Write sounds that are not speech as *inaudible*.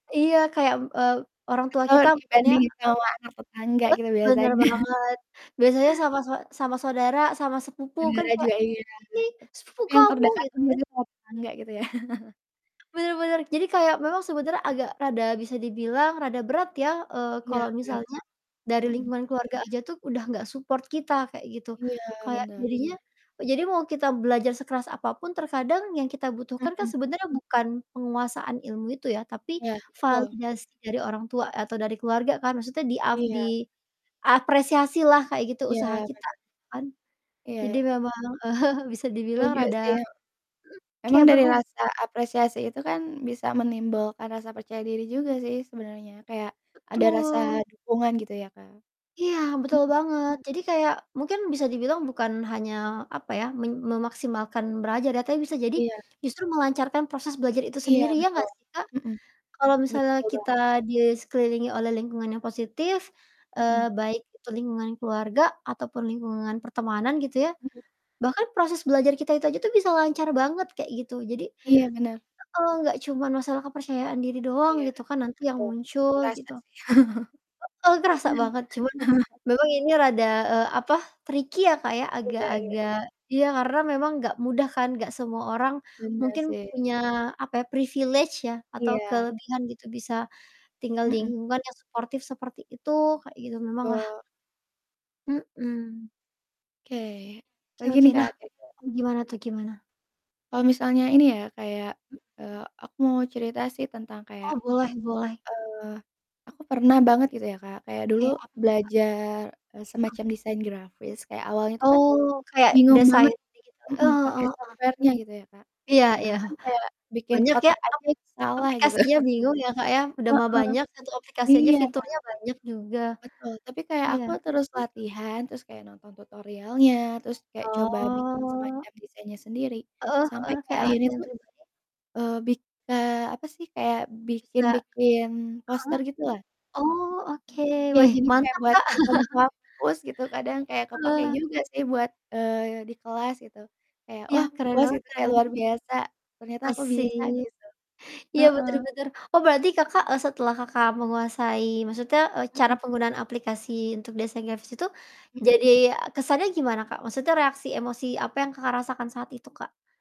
Iya kayak, m eee, orang tua Selalu kita maksudnya dibandingin apa sama anak tetangga gitu heeh, bener biasanya. banget. Biasanya sama sau sama saudara sama sepupu kan Saudara kayak, juga iya, "Ini sepupu tapi yang kamu" terdekatnya gitu kan? biasanya sama tetangga gitu ya? *chuckles* Benar benar, jadi kayak memang sebenarnya agak rada bisa dibilang rada berat ya, eee, Iya kalau iya misalnya dari mhm. lingkungan keluarga aja tuh udah nggak support kita kayak gitu. Iya, Kayak benar. jadinya jadi mau kita belajar sekeras apa pun terkadang yang kita butuhkan kan Mhm. sebenarnya bukan penguasaan ilmu itu ya, tapi Iya, betul. validasi dari orang tua atau dari keluarga kan maksudnya di ap Iya. diapresiasilah kayak gitu Iya, usaha kita bener. kan? Iya Jadi iya. memang, eee, bisa dibilang Setuju sih, rada he mhm, emang kayak dari berhub rasa apresiasi itu kan, bisa menimbulkan rasa percaya diri juga sih sebenernya. Kayak ada rasa Betul. dukungan gitu ya Kak. Iya, betul Mhm. banget. Jadi kayak mungkin bisa dibilang bukan hanya, apa ya, men memaksimalkan belajar ya, tapi bisa jadi Iya. justru melancarkan proses belajar itu Iya sendiri, ya betul, gak sih Kak? mhm. Kalau misalnya Betul kita banget. di sekelilingi oleh lingkungan yang positif, Mhm. eee, baik itu lingkungan keluarga, ataupun lingkungan pertemanan gitu ya, Mhm. bahkan proses belajar kita itu aja tuh bisa lancar banget kayak gitu. Jadi Iya bener. heeh, gak cuman masalah kepercayaan diri doang Iya gitu kan nanti yang betul, muncul terasa gitu. sih. Heeh, kerasa banget cuman *laughs* memang ini rada, eee, apa, tricky ya Kak ya, Iya iya. agak-agak ya, karena memang gak mudah kan gak semua orang Bener mungkin sih. punya apa ya, privilege ya atau Iya. kelebihan gitu bisa tinggal di Mhm. lingkungan yang suportif seperti itu kayak gitu, memanglah. Betul. Mhm. Oke, Oke apalagi oke, nih Kak, nah kira-kira? gimana tuh, gimana? Kalau misalnya ini ya kayak eee, aku mau cerita sih tentang kayak Oh, boleh boleh. eee, aku pernah banget gitu ya Kak kayak dulu Kayak apa tuh, Kak? belajar, eee, Oh. semacam desain grafis. Kayak awalnya tuh kan Oh, kayak bingung desain banget digital eh, mhm, pake heeh heeh. software-nya gitu ya Kak, Iya iya. bahkan kayak bikin Banyak ya kotak aja api itu salah gitu. aplikasinya, *chuckles* bingung ya Kak ya, udah Heeh. mah banyak, 1 aplikasinya Iya. fiturnya banyak juga. Betul, tapi kayak Iya. aku terus latihan, terus kayak nonton tutorialnya, terus kayak coba bikin Oh. semacam desainnya sendiri. Heeh Sampai heeh, kayak kayak akhirnya latihan tuh, *unintelligible* eee, bika apa sih, kayak Bisa bikin-bikin heeh. poster gitulah. Oh oke, Iya weh, jadinya kayak mantap, buat Kak. event *chuckles* kampus gitu, kadang kayak kepake Wah. juga sih buat, eee, di kelas gitu, kayak Iya, wah keren puas banget itu keren kayak luar banget. biasa ternyata aku bisa Asik, gitu. iya, Heeh. bener bener, oh berarti Kakak, eee, setelah Kakak menguasai maksudnya, eee, cara Mhm. penggunaan aplikasi untuk desain grafis itu Mhm. jadi kesannya gimana, Kak? Maksudnya reaksi emosi apa yang Kakak rasakan saat itu, Kak?